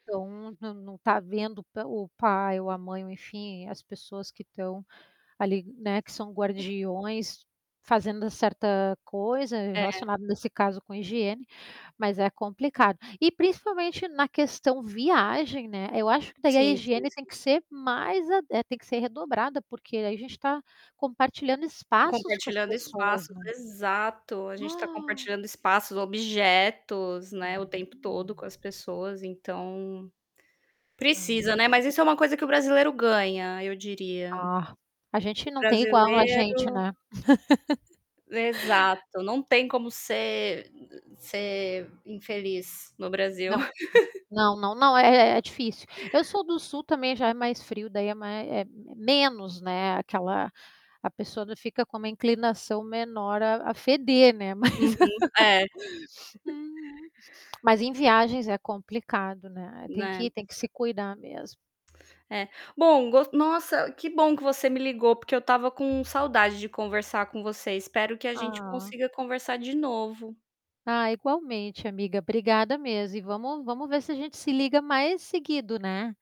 Então, nã não tá vendo o pa o pai ou a mãe ou enfim, as pessoas que estão ali, né, que são guardiões, fazendo certa coisa É. relacionado nesse caso com higiene, mas é complicado. E principalmente na questão viagem, né, eu acho que daí a Sim, sim, higiene tem sim. que ser mais, tem que ser redobrada porque aí a gente tá compartilhando espaços com as Compartilhando pessoas espaços num exato, a gente tá compartilhando espaços, objetos, né, o tempo todo com as pessoas, então, Hum. precisa, né. Mas isso é uma coisa que o brasileiro ganha, eu diria. Ah, a gente O não tem igual a gente, brasileiro né. Exato, não tem como ser m ser infeliz no Brasil. Não, não, não, não, é é difícil. Eu sou do sul também já é mais frio daí é mais é m menos, né, aquela a pessoa ainda fica com uma inclinação menor a a feder, né, mas Uhum. É. Uhum. Mas em viagens é complicado, né. Tem Né. que tem que se cuidar mesmo. É, bom, gos nossa, que bom que você me ligou, porque eu estava com saudade de conversar com você, espero que a gente Ah. consiga conversar de novo. Ah, igualmente amiga, obrigada mesmo e vamos vamos ver se a gente se liga mais seguido, né.